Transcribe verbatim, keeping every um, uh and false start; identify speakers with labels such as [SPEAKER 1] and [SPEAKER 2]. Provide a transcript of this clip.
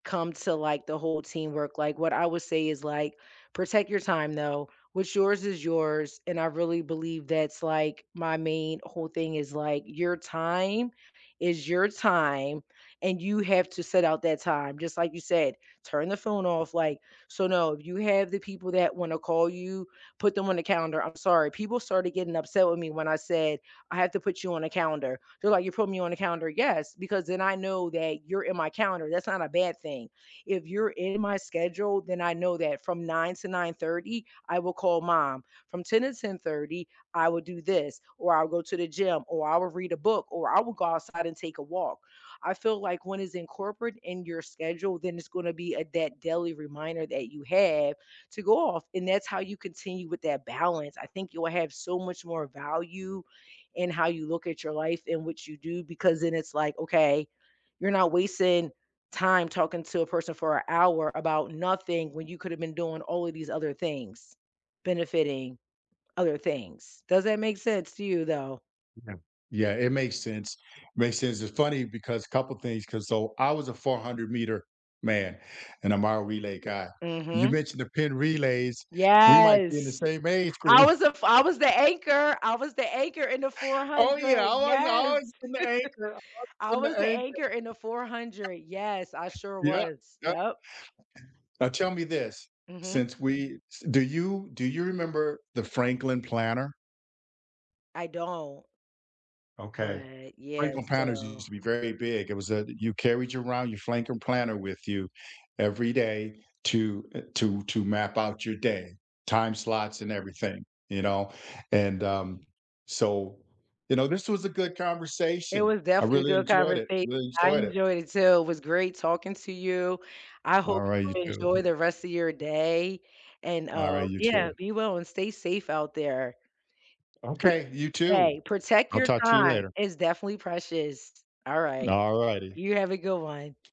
[SPEAKER 1] Come to, like, the whole teamwork, like, what I would say is, like, "Protect your time, though. What's yours is yours." And I really believe that's, like, my main whole thing is, like, your time is your time, and you have to set out that time. Just like you said, turn the phone off, like so no, you have the people that wanna call you, put them on the calendar. I'm sorry, people started getting upset with me when I said, "I have to put you on a calendar." They're like, "You putting me on a calendar?" "Yes, because then I know that you're in my calendar, that's not a bad thing." If you're in my schedule, then I know that from nine to nine thirty, I will call mom. From ten to ten thirty, I will do this, or I'll go to the gym, or I will read a book, or I will go outside and take a walk. I feel like when it's incorporate in your schedule, then it's gonna be a that daily reminder that you have to go off. And that's how you continue with that balance. I think you will have so much more value in how you look at your life and what you do, because then it's like, okay, you're not wasting time talking to a person for a hour about nothing when you could have been doing all of these other things, benefiting other things. Does that make sense to you, though?
[SPEAKER 2] Yeah. Yeah, it makes sense. Makes sense. It's funny because- a couple things- 'cause so I was a four-hundred-meter man, and I'm our relay guy. You
[SPEAKER 1] Mhm.
[SPEAKER 2] mentioned the pin relays. We might be in the
[SPEAKER 1] Yes.
[SPEAKER 2] same age
[SPEAKER 1] I
[SPEAKER 2] group.
[SPEAKER 1] was the f I was the anchor. I was the anchor in the four
[SPEAKER 2] Oh, yeah, I
[SPEAKER 1] hundred.
[SPEAKER 2] always I
[SPEAKER 1] Yes.
[SPEAKER 2] always been the anchor. Always
[SPEAKER 1] I
[SPEAKER 2] been
[SPEAKER 1] was
[SPEAKER 2] the
[SPEAKER 1] the
[SPEAKER 2] anchor.
[SPEAKER 1] anchor in the four hundred. Yes, I sure
[SPEAKER 2] Yep,
[SPEAKER 1] was.
[SPEAKER 2] yep.
[SPEAKER 1] Yep.
[SPEAKER 2] Now tell me this.
[SPEAKER 1] Mhm.
[SPEAKER 2] Since we s do you do you remember the Franklin Planner?
[SPEAKER 1] I don't.
[SPEAKER 2] Okay.
[SPEAKER 1] But, yeah,
[SPEAKER 2] Franklin Planners used
[SPEAKER 1] so
[SPEAKER 2] to be very big. It was a you carried around your Flanklin Planner with you every day to, uh, to to map out your day, time slots and everything. You know? And, um, so, you know, this was a good
[SPEAKER 1] It
[SPEAKER 2] conversation.
[SPEAKER 1] was
[SPEAKER 2] I
[SPEAKER 1] definitely a
[SPEAKER 2] really
[SPEAKER 1] good
[SPEAKER 2] enjoyed it.
[SPEAKER 1] conversation.
[SPEAKER 2] Really
[SPEAKER 1] I
[SPEAKER 2] enjoyed it.
[SPEAKER 1] enjoyed it, too. It was great talking to you. I hope
[SPEAKER 2] Alright, you,
[SPEAKER 1] you
[SPEAKER 2] too.
[SPEAKER 1] enjoy the rest of your day and, uh,
[SPEAKER 2] Alright, you,
[SPEAKER 1] yeah,
[SPEAKER 2] too.
[SPEAKER 1] be well and stay safe out there. Eh
[SPEAKER 2] Okay, you, too.
[SPEAKER 1] hey, protect
[SPEAKER 2] I'll
[SPEAKER 1] your
[SPEAKER 2] talk to you
[SPEAKER 1] time,
[SPEAKER 2] later.
[SPEAKER 1] it's definitely precious. All right,
[SPEAKER 2] Alrighty.
[SPEAKER 1] you have a good one.